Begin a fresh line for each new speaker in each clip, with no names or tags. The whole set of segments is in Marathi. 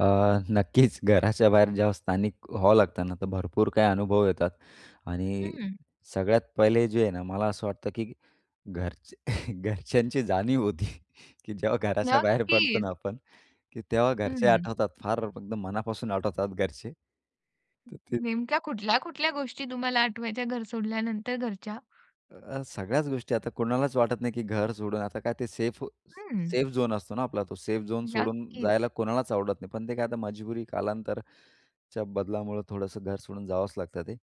अ, नक्कीच घराच्या बाहेर जेव्हा स्थानिक व्हावं लागतं ना, तर भरपूर काही अनुभव येतात आणि
हं.
सगळ्यात पहिले जे आहे ना मला असं वाटतं की घर घरच्यांची जाणीव होती की जेव्हा घराच्या बाहेर पडतो
नक्कीच.
ना, आपण की तेव्हा घरचे
हं.
आठवतात फार फक्त मनापासून आठवतात घरचे तर ते
नेमक्या कुठल्या-कुठल्या गोष्टी तुम्हाला आठवायच्या घर सोडल्यानंतर घरच्या.
अ, सगळ्याच गोष्टी आता कोणालाच वाटत नाही की घर सोडून आता काय ते सेफ
हं.
सेफ झोन असतो ना आपला तो सेफ झोन सोडून जायला
नक्कीच.
कोणालाच आवडत नाही. पण ते काय आता मजबुरी कालांतराच्या बदलामुळं थोडंसं घर सोडून जावंच लागतं ते.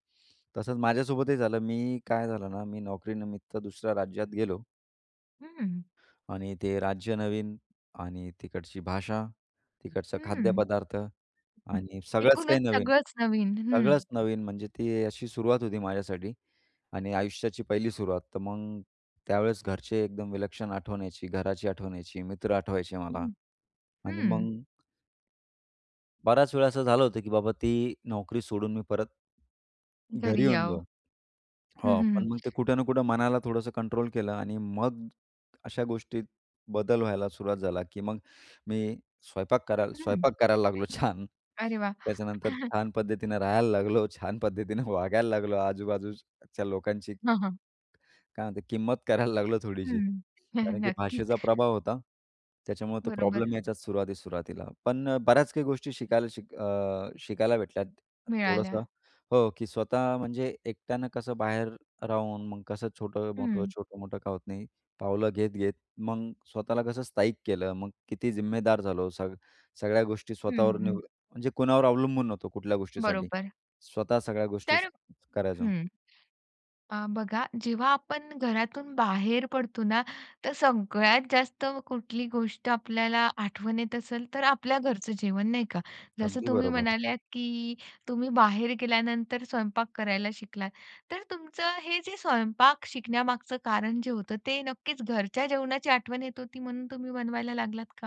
तसंच माझ्यासोबतही झालं. मी काय झालं ना? मी नोकरीनिमित्त दुसऱ्या राज्यात गेलो.
हं.
आणि ते राज्य नवीन आणि तिकडची भाषा, तिकडचं
हं.
खाद्यपदार्थ आणि सगळंच
एकूणच
काही नवीन.
सगळंच नवीन, हं.
सगळंच नवीन म्हणजे ती अशी सुरुवात होती माझ्यासाठी आणि आयुष्याची पहिली सुरुवात तर मग, त्यावेळेस घरचे एकदम विलक्षण आठवण यायची, घराची आठवण यायची, मित्र आठवायचे मला
हं,
आणि
हं.
मग बराच वेळा असं झालं होतं ,की बाबा ती नोकरी सोडून मी परत घरी
घरी
येऊन
याव.
जाऊ.
हं,
हो
हं, हं.
पण मग ते कुठे ना कुठे मनाला थोडंसं कंट्रोल केलं आणि मग अशा गोष्टीत बदल व्हायला सुरुवात झाला, की मग मी स्वयंपाक करायला
हं.
स्वयंपाक करायला लागलो छान
अरे वाह!
त्याच्यानंतर छान पद्धतीने राहायला लागलो छान पद्धतीने वागायला लागलो आजूबाजूच च्या लोकांशी
हां, हां.
काय म्हणतो? किंमत करायला लागलो थोडीशी.
हं,
कारण की
नक्कीच.
भाषेचा प्रभाव होता, त्याच्यामुळे तो
बरोबर.
प्रॉब्लेम यायचाच सुरुवातीत सुरुवातीला. पण बऱ्याच काही गोष्टी शिकायला शिक अ, शिकायला भेटल्यात
मिळाल्या.
थोडंसं हो. की स्वतः म्हणजे एकट्यानं कसं बाहेर राहून मग कसं छोटं-मोठं,
हं.
छोटं-मोठं का होत नाही, पावलं घेत-घेत मग स्वतःला कसं स्थाईक केलं. मग किती जिम्मेदार झालो? सग सगळ्या गोष्टी
हं,
स्वतःवर
हं.
निवड म्हणजे कुणावर अवलंबून नव्हतो कुठल्या गोष्टीसाठी,
बरोबर.
स्वतः सगळ्या गोष्टी
तर
करायचो.
हं. अ, बघा जेव्हा आपण घरातून बाहेर पडतो ना तर सगळ्यात जास्त कुठली गोष्ट आपल्याला आठवण येत असेल तर आपल्या घरचं जेवण, नाही का? जसं
अगदी
तुम्ही
बरोबर.
म्हणाल्यात की तुम्ही बाहेर गेल्यानंतर स्वयंपाक करायला शिकलात. तर तुमचं हे जे स्वयंपाक शिकण्यामागचं कारण जे होतं ते नक्कीच घरच्या जेवणाची आठवण येत होती म्हणून तुम्ही बनवायला लागलात का?